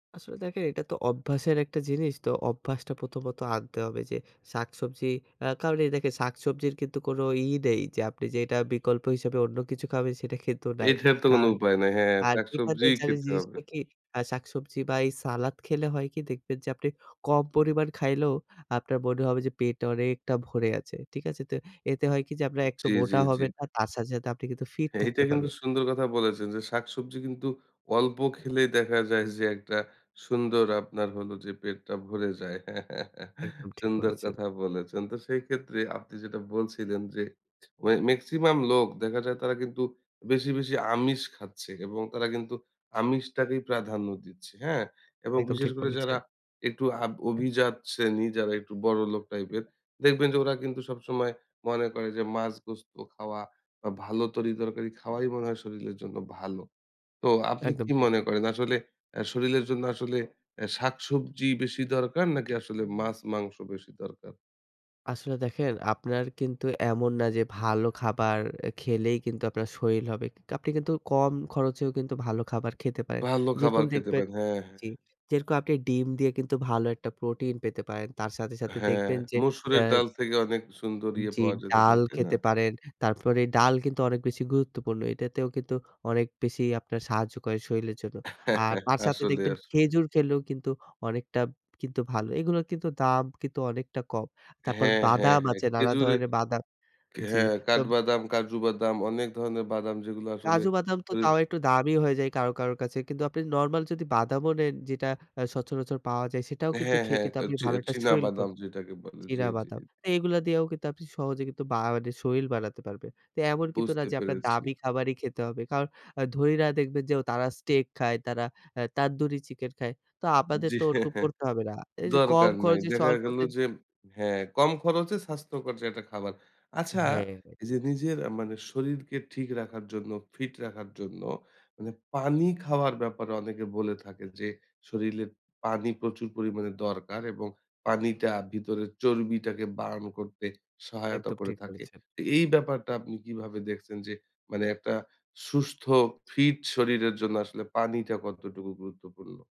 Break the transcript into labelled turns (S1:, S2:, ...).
S1: আসলে দেখে এটা তো অভ্যাসের একটা জিনিস তো অভ্যাসটা প্রথমত আনতে হবে যে শাকসবজি অ্যা কারণ এই দেখেন শাকসবজির কিন্তু কোন ই নেই যে আপনি যে এটা বিকল্প হিসাবে অন্য কিছু খাবেন সেটা কিন্তু নাই।
S2: এটার তো কোনো
S1: কারণ
S2: উপায় নাই। হ্যাঁ,
S1: আ এখানে
S2: শাকসবজিই
S1: জানেন
S2: খেতে হবে।
S1: জিনিসটা কি? আ শাক-সবজি বা এই সালাদ খেলে হয় কি দেখবেন যে আপনি কম পরিমাণ খাইলেও আপনার মনে হবে যে পেট অনেকটা ভরে আছে। ঠিক আছে? তো এতে হয় কি যে আপনে
S2: উ
S1: একতো
S2: জ্বী,
S1: মোটা
S2: জ্বী, জ্বী।
S1: হবেন না তার সাথে, সাথে আপনি কিন্তু ফিট
S2: এইটা
S1: থাকতে
S2: কিন্তু
S1: পারবেন।
S2: সুন্দর কথা বলেছেন, যে শাকসবজি কিন্তু অল্প খেলেই দেখা যায় যে একটা সুন্দর আপনার হলো যে পেটটা ভরে যায়।
S1: একদম ঠিক
S2: সুন্দর
S1: বলেছেন।
S2: কথা বলেছেন। তো সেই ক্ষেত্রে আপনি যেটা বলছিলেন যে ওয়ে মেক্সিমাম লোক দেখা যায় তারা কিন্তু বেশি, বেশি আমিষ খাচ্ছে এবং তারা কিন্তু আমিষটাকেই প্রাধান্য দিচ্ছে। হ্যাঁ? এবং
S1: একদম
S2: বিশেষ
S1: ঠিক
S2: করে
S1: বলেছেন।
S2: যারা একটু আভ অভিজাত শ্রেণী যারা একটু বড় লোক টাইপের দেখবেন যে ওরা কিন্তু সবসময় মনে করে যে মাছ, গোস্ত খাওয়া বা ভালো তরি-তরকারি খাওয়াই মনে হয় শরীরের জন্য ভালো। তো আপনি
S1: একদম
S2: কি
S1: ঠিক।
S2: মনে করেন? আসলে আ শরীরের জন্য আসলে এ শাক-সবজি বেশি দরকার নাকি আসলে মাছ-মাংস বেশি দরকার?
S1: আসলে দেখেন আপনার কিন্তু এমন না যে ভালো খাবার এ খেলেই কিন্তু আপনার শরীর হবে। কি আপনি কিন্তু কম খরচেও কিন্তু ভালো খাবার খেতে পারেন।
S2: ভালো খাবার
S1: যেরকম
S2: খেতে
S1: দেখবেন
S2: পারে, হ্যাঁ,
S1: জি,
S2: হ্যাঁ।
S1: যেরকম আপনি ডিম দিয়ে কিন্তু ভালো একটা প্রোটিন পেতে পারেন। তার সাথে, সাথে
S2: হ্যাঁ,
S1: দেখবেন যে
S2: মসুরের
S1: অ্যা
S2: ডাল থেকে অনেক সুন্দর ইয়ে
S1: জি,
S2: পাওয়া যেতে পারে
S1: ডাল
S2: তাই না?
S1: খেতে পারেন। তারপরে ডাল কিন্তু অনেক বেশি গুরুত্বপূর্ণ। এটাতেও কিন্তু অনেক বেশি আপনার সাহায্য করে শরীরের জন্য। আর তার সাথে
S2: আসলে,
S1: দেখবেন
S2: আসলে।
S1: খেজুর খেলেও কিন্তু অনেকটা কিন্তু ভালো। এগুলোর কিন্তু দাম কিন্তু অনেকটা কম। তারপর
S2: হ্যাঁ, হ্যাঁ,
S1: বাদাম
S2: হ্যাঁ,
S1: আছে, নানা
S2: খেজুরে
S1: ধরনের বাদাম
S2: খ
S1: জি।
S2: হ্যাঁ, কাঠ
S1: তোব
S2: বাদাম, কাজু বাদাম অনেক ধরনের বাদাম যেগুলো আসলে
S1: কাজু বাদাম তো তাও একটু দামি হয়ে যায় কারো, কারো, কাছে। কিন্তু আপনি নরমাল যদি বাদামও নেন যেটা আ সচারাচর পাওয়া যায় সেটাও কিন্তু
S2: হ্যাঁ,
S1: খেয়ে
S2: হ্যাঁ, চি
S1: ভালো একটা শরীর ক
S2: চিনাবাদাম যেটাকে বলে। জি,
S1: চীনা
S2: জি।
S1: বাদাম। তো এগুলো দিয়েও কিন্তু সহজে বা মানি শরীর বানাতে পারবেন। এমন কিন্তু না
S2: বুঝতে
S1: যে আপনার
S2: পেরেছি।
S1: দামি খাবারই খেতে হবে। কারণ আ ধনিরা দেখবেন যে তারা স্টেক খায় তারা আ তানদুরি চিকেন খায়। তো আপনাদের
S2: জ্বি।
S1: তো ওরকম করতে হবে না। এই যে কম
S2: দরকার নাই।
S1: খরচে
S2: দেখা গেল
S1: স্বল্পতে
S2: যে হ্যাঁ, কম খরচে স্বাস্থ্যকর যে একটা খাবার। আচ্ছা,
S1: হ্যাঁ।
S2: এই যে নিজের মানে শরীরকে ঠিক রাখার জন্য, ফিট রাখার জন্য মানে পানি খাওয়ার ব্যাপারে অনেকে বলে থাকে যে শরীরে পানি প্রচুর পরিমাণে দরকার এবং পানিটা ভিতরের চর্বিটাকে বার্ন করতে সহায়তা
S1: একদম
S2: করে
S1: ঠিক
S2: থাকে।
S1: বলেছেন।
S2: তো এই ব্যাপারটা আপনি কিভাবে দেখছেন যে মানে একটা সুস্থ ফিট শরীরের জন্য আসলে পানিটা কতটুকু গুরুত্বপূর্ণ?